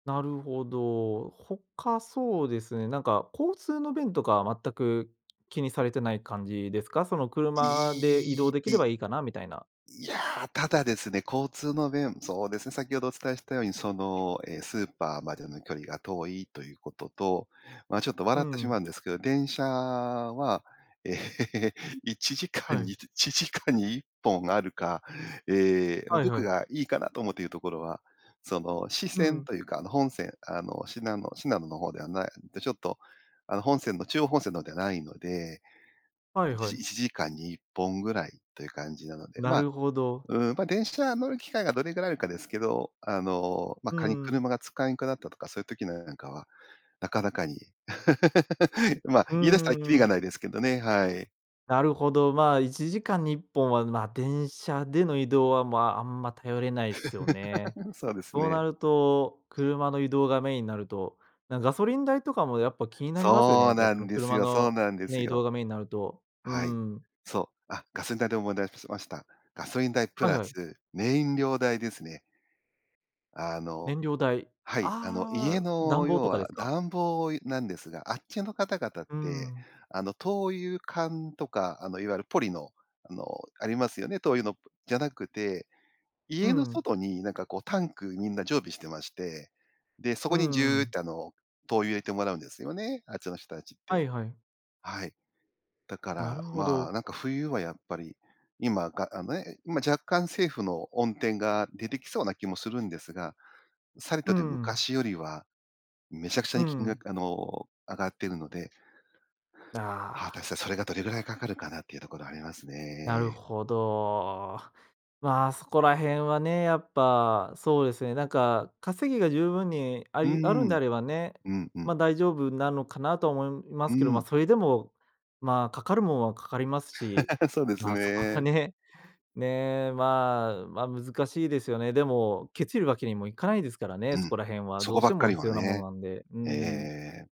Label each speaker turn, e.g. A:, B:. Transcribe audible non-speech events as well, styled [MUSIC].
A: なるほど。他そうですね、なんか、交通の便とかは全く気にされてない感じですか？その車で移
B: い
A: 動
B: い、
A: できれ
B: い
A: ばいいかな、みたいな。
B: いや、ただですね、交通の便そうですね、先程お伝えしたように、その、え、スーパーまでの距離が遠いということと、ま、ちょっと
A: う
B: 笑ってし
A: ん。
B: まうんですけど、電車は、ええ、いちじか
A: は
B: んに
A: い。
B: 1時間に1本あるか。ええ、
A: はいは
B: 僕
A: い。
B: がいいかなと思っているところは、その支
A: う
B: 線
A: ん。
B: というか、あの、本線、あの、信濃信濃の方ではないちょっと、あの、本線の中央本線の方ではないので、
A: は
B: い
A: いは
B: ち
A: い。
B: 1時間に1本ぐらいという感じなので。
A: な
B: まあ、
A: るほど。
B: うーん、ま、電車乗る機会がどれぐらいあるかですけど、あの、ま、
A: うー
B: 仮に
A: ん。
B: 車が使えんくなったとか、そういう時-の [UNINTELLIGIBLE] なんかは、なかなかに。[LAUGHS] まあ、
A: う
B: 言い出した
A: ん
B: ら
A: うん
B: きり
A: う
B: が
A: ん。
B: ないですけどね。はい。
A: なるほど、まあ、1時間に1本は、まあ、電車での移動は、まあ、あんま頼れないっすよね。
B: [LAUGHS] そうです
A: そうな
B: ね。
A: ると、車の移動がメインになると、なんかガソリン代とかもやっぱ気になりますよね、
B: そ
A: や
B: う
A: っぱ
B: な
A: そ
B: ん
A: の
B: です
A: 車
B: よそう
A: の
B: なんです
A: ね、移動
B: よ。
A: がメインになると、うー
B: はい。
A: ん。
B: そう。あ、ガソリン代で思い出すました。ガソリン代プ
A: はい
B: ラ
A: はい。
B: ス燃料代ですね。あの
A: 燃料代。
B: はい。あの、家
A: ああ、暖
B: の、
A: 房
B: 要
A: とかで
B: は
A: すか？
B: 暖房なんですが、あっちの方々っ
A: うー
B: て、
A: ん。
B: あの、灯油缶とか、あの、いわゆるポリのあの、ありますよね。灯油のぷじゃなくて
A: う
B: 家の
A: ん。
B: 外になんかこうタンク、みんな常備してまして。で、そ
A: う
B: こにジ
A: んう
B: ューっ
A: ん。
B: てあの、灯油入れてもらうんですよね、あっちの人たちっ
A: は
B: て。
A: いはい。
B: はい。だか
A: な
B: ら、
A: るほ
B: まあ、
A: ど。
B: なんか冬はやっぱり今があ、ね、今、若干政府の恩典が出てきそうな気もするんですが、さり
A: うー
B: とて
A: ん。
B: 昔よりはめちゃくちゃ
A: う
B: に金
A: ん。
B: 額あの、上がってるので果た
A: あ
B: し
A: あ。
B: て、それがどれぐらい掛かるかな、っていうところあります
A: なる
B: ね。
A: ほど。まあ、そこら辺はね、やっぱ、そうですね。なんか稼ぎが十分にあ
B: うー
A: りあるんで
B: ん、
A: あればね、
B: うん、うん。
A: ま、大丈夫なのかなとは思いま
B: うー
A: すけど。まあ、
B: ん。
A: それでも、まあ、掛かるものは掛かりますし。
B: [LAUGHS] そうです
A: まあ、そこは
B: ね。
A: ね、ね、まあ、ま、難しいですよね。でも、ケチるわけにもいかないですからね、
B: う
A: そ
B: ん。
A: こら辺は
B: そ
A: ど
B: こ
A: うし
B: ば
A: て
B: っか
A: も
B: り
A: 必
B: は
A: 要なもの
B: ね、
A: なんで。うー
B: ええええええ
A: ん。
B: ええ。